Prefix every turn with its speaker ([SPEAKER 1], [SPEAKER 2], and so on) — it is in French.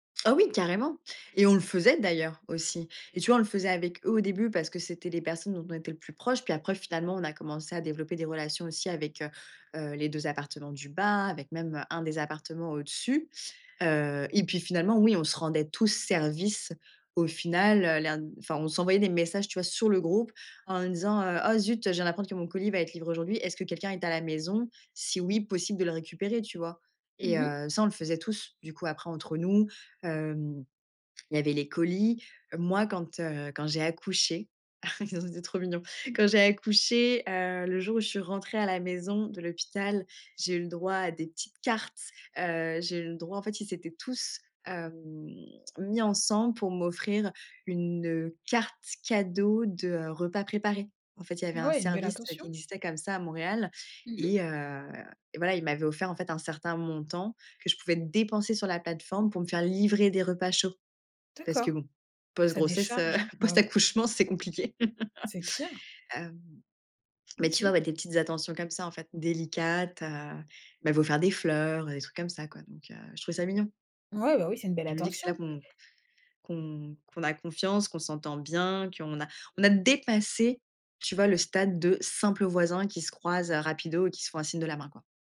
[SPEAKER 1] Oh oui, carrément. Et on le faisait d'ailleurs aussi. Et tu vois, on le faisait avec eux au début parce que c'était les personnes dont on était le plus proche. Puis après, finalement, on a commencé à développer des relations aussi avec, heu heu, les 2 appartements du bas, avec même, heu, un des appartements au-dessus. Heu, et puis finalement, oui, on se rendait tous service au final, heu. L'air n enfin, on s'envoyait des messages tu vois sur le groupe en disant: «Heu, oh, zut, je viens d'apprendre que mon colis va être livré aujourd'hui. Est-ce que quelqu'un est à la maison? Si oui, possible de le récupérer?» Tu vois?
[SPEAKER 2] Mmh
[SPEAKER 1] Et
[SPEAKER 2] mh.
[SPEAKER 1] heu, ça, on le faisait tous. Du coup, après, entre nous, hem, il y avait les colis. Heu, moi, quand, heu, quand j'ai accouché, ça c'était trop mignon. Quand j'ai accouché, heu, le jour où je suis rentrée à la maison de l'hôpital, j'ai eu le droit à des petites cartes, heu. J'ai eu le droit en fait, ils s'étaient tous hem, mis ensemble pour m'offrir une, heu, carte cadeau de, heu, repas préparés. En fait, il y avait un
[SPEAKER 2] Ouais, une belle
[SPEAKER 1] service qui
[SPEAKER 2] attention.
[SPEAKER 1] existait comme ça à Montréal
[SPEAKER 2] Mmh mh.
[SPEAKER 1] et heu, et voilà, ils m'avaient offert en fait un certain montant que je pouvais dépenser sur la plateforme pour me faire livrer des repas chauds parce
[SPEAKER 2] D'accord,
[SPEAKER 1] que bon,
[SPEAKER 2] ça
[SPEAKER 1] post-grossesse heu,
[SPEAKER 2] décharge, hein. Ben oui.
[SPEAKER 1] post-accouchement c'est compliqué.
[SPEAKER 2] C'est clair.
[SPEAKER 1] Hem, mais tu vois
[SPEAKER 2] OK.
[SPEAKER 1] ouais, des petites attentions comme ça en fait, délicates, heu, ils m'avaient offert des fleurs, des trucs comme ça quoi, donc heu. Je trouvais ça mignon.
[SPEAKER 2] Ouais bah oui, c'est une belle
[SPEAKER 1] Je me dis que c'est là
[SPEAKER 2] attention.
[SPEAKER 1] qu'on qu'on qu'on a confiance, qu'on s'entend bien, qu'on a on a dépassé, tu vois, le stade de simples voisins qui se croisent, heu, rapidement et qui se font un signe de la main, quoi.